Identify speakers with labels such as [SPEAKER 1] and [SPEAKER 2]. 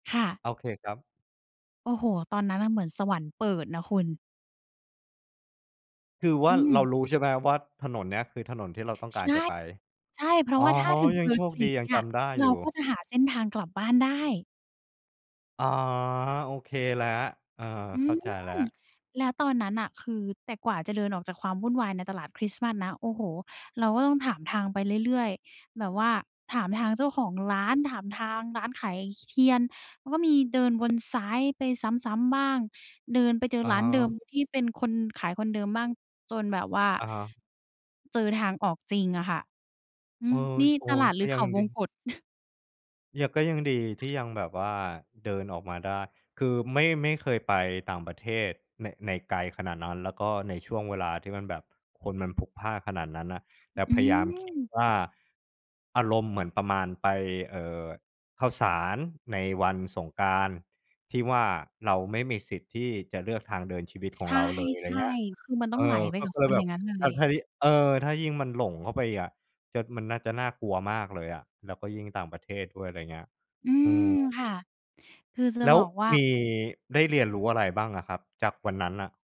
[SPEAKER 1] ค่ะ
[SPEAKER 2] โอเคครับ
[SPEAKER 1] โอ้โฮ ตอนนั้นน่ะ เหมือนสวรรค์เปิดนะคุณ
[SPEAKER 2] คือว
[SPEAKER 1] อ
[SPEAKER 2] ่า
[SPEAKER 1] ื
[SPEAKER 2] เรา
[SPEAKER 1] ม
[SPEAKER 2] รู้ใช่ไหมว่า ถนนเนี้ย คือ ถนนที่เราต้องก
[SPEAKER 1] ใช
[SPEAKER 2] าร
[SPEAKER 1] ่
[SPEAKER 2] จะไป?
[SPEAKER 1] ใช่ เพราะ
[SPEAKER 2] อ
[SPEAKER 1] ว
[SPEAKER 2] ๋อ
[SPEAKER 1] ่าถ้าถึง
[SPEAKER 2] ยัง
[SPEAKER 1] Pearl
[SPEAKER 2] โชคดี
[SPEAKER 1] Street
[SPEAKER 2] ยั
[SPEAKER 1] เน
[SPEAKER 2] ง
[SPEAKER 1] ี่
[SPEAKER 2] จ
[SPEAKER 1] ย
[SPEAKER 2] ำได้
[SPEAKER 1] เร
[SPEAKER 2] อ
[SPEAKER 1] า
[SPEAKER 2] ยู่
[SPEAKER 1] ก็จะหาเส้นทางกลับบ้านได้
[SPEAKER 2] อ๋อ โอเคแล้ว เออ
[SPEAKER 1] อื
[SPEAKER 2] เข้า
[SPEAKER 1] ม
[SPEAKER 2] ใจแล้ว
[SPEAKER 1] แล้วตอนนั้นน่ะ คือ แต่กว่าจะเดินออกจากความวุ่นวายในตลาดคริสต์มาสนะ โอ้โฮ เราก็ต้องถามทางไปเรื่อย ๆ แบบว่าถามทางเจ้าของร้าน ถามทางร้านขาย ช เทียน แล้วก็มีเดินวนซ้ายไปซ้ำ ๆ บ้าง เดินไปเจอ
[SPEAKER 2] อะ
[SPEAKER 1] ร้า
[SPEAKER 2] ฮ
[SPEAKER 1] นเดิม
[SPEAKER 2] ะ
[SPEAKER 1] ที่เป็นคนขายคนเดิมบ้าง จนแบบว่า
[SPEAKER 2] อะฮะ
[SPEAKER 1] เจอทางออกจริงอะค่ะ อื
[SPEAKER 2] เออ
[SPEAKER 1] ม นี่
[SPEAKER 2] โอ
[SPEAKER 1] ตลาดห
[SPEAKER 2] ก
[SPEAKER 1] ร
[SPEAKER 2] ็
[SPEAKER 1] ือ
[SPEAKER 2] ย
[SPEAKER 1] เข
[SPEAKER 2] ัง
[SPEAKER 1] าว
[SPEAKER 2] ดี
[SPEAKER 1] งกต
[SPEAKER 2] เนี่ย ก็ยังดี ที่ยังแบบว่าเดินออกมาได้ คือไม่ ไม่เคยไปต่างประเทศ ใน ใน ไกลขนาดนั้น แล้วก็ในช่วงเวลาที่มันแบบคนมันพลุกพล่านขนาดนั้นน่ะ แต่
[SPEAKER 1] อื
[SPEAKER 2] พยายามคิด
[SPEAKER 1] ม
[SPEAKER 2] ว่า อารมณ์เหมือนประมาณไป เออ ข้าวสารในวันสงกรานต์ ที่ว่าเราไม่มีสิทธิ์ที่จะเลือกทางเดินชีวิตข
[SPEAKER 1] ใช
[SPEAKER 2] อง
[SPEAKER 1] ่
[SPEAKER 2] เราเลย ไรเงี้ย
[SPEAKER 1] ๆ คือมันต้
[SPEAKER 2] เ
[SPEAKER 1] อ
[SPEAKER 2] อ
[SPEAKER 1] งไหล
[SPEAKER 2] อ
[SPEAKER 1] ไป
[SPEAKER 2] ก็
[SPEAKER 1] กับ
[SPEAKER 2] ก็เล
[SPEAKER 1] ค
[SPEAKER 2] ย
[SPEAKER 1] น
[SPEAKER 2] แ
[SPEAKER 1] อ
[SPEAKER 2] บ
[SPEAKER 1] ย่า
[SPEAKER 2] บ
[SPEAKER 1] งงั้น
[SPEAKER 2] อ
[SPEAKER 1] เ
[SPEAKER 2] ้
[SPEAKER 1] ล
[SPEAKER 2] าว ใช
[SPEAKER 1] ย
[SPEAKER 2] ้ เออ ถ้ายิ่งมันหลงเข้าไปอีกอะ จะ มันน่าจะน่ากลัวมากเลยอะ แล้วก็ยิ่งต่างประเทศด้วย ไรเงี้ย
[SPEAKER 1] อื
[SPEAKER 2] เออ
[SPEAKER 1] ม ค่ะ คือจะ
[SPEAKER 2] แล้
[SPEAKER 1] บ
[SPEAKER 2] ว
[SPEAKER 1] อกว่า
[SPEAKER 2] มี ได้เรียนรู้อะไรบ้างอะครับ จากวันนั้นน่ะ?